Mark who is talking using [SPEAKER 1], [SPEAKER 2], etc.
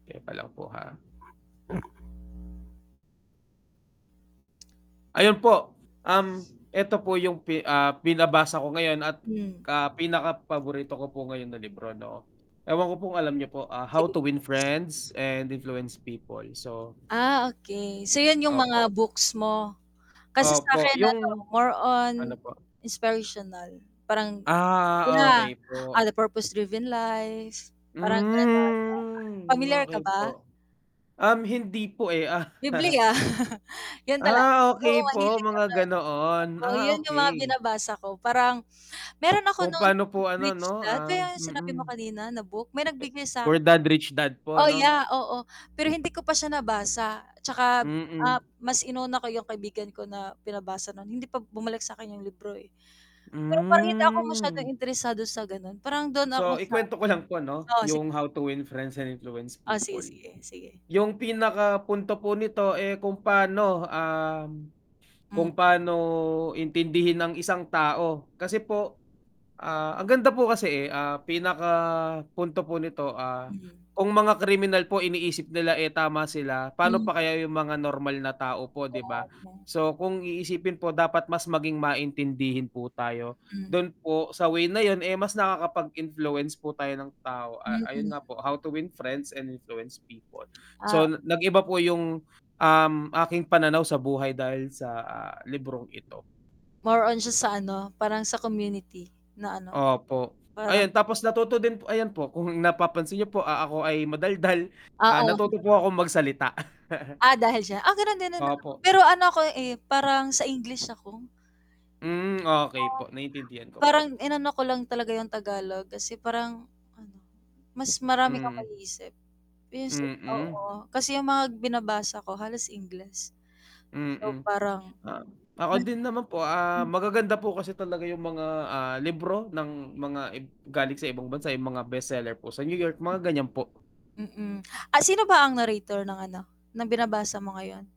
[SPEAKER 1] Teka lang po ha. Ayun po. Um, eto po yung pi ah, pinabasa ko ngayon at
[SPEAKER 2] Hmm.
[SPEAKER 1] ka pinaka paborito ko po ngayon ng libro no, ewan ko po kung alam niyo po, ah, How
[SPEAKER 2] Sige.
[SPEAKER 1] to win friends and influence people. So
[SPEAKER 2] Ah, okey, so yun yung
[SPEAKER 1] Opo.
[SPEAKER 2] mga books mo? Kasi sa
[SPEAKER 1] Opo,
[SPEAKER 2] akin ano
[SPEAKER 1] yung
[SPEAKER 2] more
[SPEAKER 1] ano
[SPEAKER 2] on,
[SPEAKER 1] po?
[SPEAKER 2] inspirational parang
[SPEAKER 1] Ah,
[SPEAKER 2] yeah,
[SPEAKER 1] okey
[SPEAKER 2] ah,
[SPEAKER 1] po.
[SPEAKER 2] the purpose driven life, parang ganun, oo.
[SPEAKER 1] Hmm,
[SPEAKER 2] Pamilyar
[SPEAKER 1] okey
[SPEAKER 2] ka
[SPEAKER 1] po
[SPEAKER 2] ba?
[SPEAKER 1] Um, hindi po, eh, ah.
[SPEAKER 2] Bibliya, yun tala
[SPEAKER 1] Ah, okey
[SPEAKER 2] oo
[SPEAKER 1] po,
[SPEAKER 2] mahilig
[SPEAKER 1] mga
[SPEAKER 2] kasi
[SPEAKER 1] ganoon,
[SPEAKER 2] ako.
[SPEAKER 1] ah,
[SPEAKER 2] Yun yung mga
[SPEAKER 1] okey.
[SPEAKER 2] binabasa ko, parang meron ako
[SPEAKER 1] Kung
[SPEAKER 2] non
[SPEAKER 1] pa'no
[SPEAKER 2] nung
[SPEAKER 1] po
[SPEAKER 2] m
[SPEAKER 1] ano 'no,
[SPEAKER 2] Rich Dad,
[SPEAKER 1] ah
[SPEAKER 2] kaya sinabi mo
[SPEAKER 1] mm.
[SPEAKER 2] kanina na book, may
[SPEAKER 1] A
[SPEAKER 2] nagbigay
[SPEAKER 1] poor
[SPEAKER 2] sakin.
[SPEAKER 1] dad, rich dad po
[SPEAKER 2] Oh,
[SPEAKER 1] ano?
[SPEAKER 2] yeah, oo, pero hindi ko pa siya nabasa 'tsaka, ah,
[SPEAKER 1] Mm.
[SPEAKER 2] mas inuna ko yung kaibigan ko na pinabasa nun, hindi pa bumalik sakin yung libro, eh. Pero parang hindi ako masyadong
[SPEAKER 1] Hmm.
[SPEAKER 2] interesado sa ganon, parang dun ako
[SPEAKER 1] So,
[SPEAKER 2] sa
[SPEAKER 1] ikuwento ko lang po ano,
[SPEAKER 2] oo sig
[SPEAKER 1] yung How to win friends and influence
[SPEAKER 2] O sige,
[SPEAKER 1] people.
[SPEAKER 2] sige, sige.
[SPEAKER 1] Yung pinaka punto po nito, eh, kung pa'no, um,
[SPEAKER 2] Hmm.
[SPEAKER 1] kung pa'no intindihin ang isang tao, kasi po ah, ang ganda po kasi, eh, ah, pinaka punto po nito, ah,
[SPEAKER 2] Hmm.
[SPEAKER 1] kung mga kriminal po iniisip nila, eh, tama sila, pa'no
[SPEAKER 2] Hmm.
[SPEAKER 1] pa kaya yung mga normal na tao po
[SPEAKER 2] Oo
[SPEAKER 1] 'di ba?
[SPEAKER 2] nga no.
[SPEAKER 1] So kung iisipin po dapat mas maging maintindihin po tayo,
[SPEAKER 2] Hmm.
[SPEAKER 1] dun po sa way na yun, eh, mas nakakapag-influence po tayo ng tao, ah,
[SPEAKER 2] Mm.
[SPEAKER 1] ayun nga po, "How to win friends and influence people."
[SPEAKER 2] Ah
[SPEAKER 1] So, nag-iba po yung, um, aking pananaw sa buhay dahil sa, ah, librong ito.
[SPEAKER 2] More on siya sa ano, parang sa community, na ano,
[SPEAKER 1] Opo,
[SPEAKER 2] parang
[SPEAKER 1] ayan tapos natuto din p ayan po kung napapansin niyo po, ah, ako ay madaldal, ah,
[SPEAKER 2] Oo.
[SPEAKER 1] natuto po akong magsalita.
[SPEAKER 2] Ah, dahil siya ah, gano'n din naman ako,
[SPEAKER 1] Opo.
[SPEAKER 2] pero ano ako, eh, parang sa English ako.
[SPEAKER 1] Hmm, okey
[SPEAKER 2] Oo,
[SPEAKER 1] po, naintindihan ko po.
[SPEAKER 2] parang inano ko lang talaga yung Tagalog kasi parang ano, mas marami kang
[SPEAKER 1] Hmm.
[SPEAKER 2] maiisip pe s
[SPEAKER 1] Mm.
[SPEAKER 2] oo kasi yung mga binabasa ko halos Ingles. So
[SPEAKER 1] Mm,
[SPEAKER 2] parang,
[SPEAKER 1] oo. Ako din
[SPEAKER 2] nahi
[SPEAKER 1] naman po, ah,
[SPEAKER 2] hmm.
[SPEAKER 1] magaganda po kasi talaga yung mga, ah, libro ng mga ib galing sa ibang bansa, yung mga bestseller po sa New York,
[SPEAKER 2] Hmm.
[SPEAKER 1] mga ganiyan po.
[SPEAKER 2] Mm, ah, sino ba ang narrator ng ano, ng binabasa mo ngayon?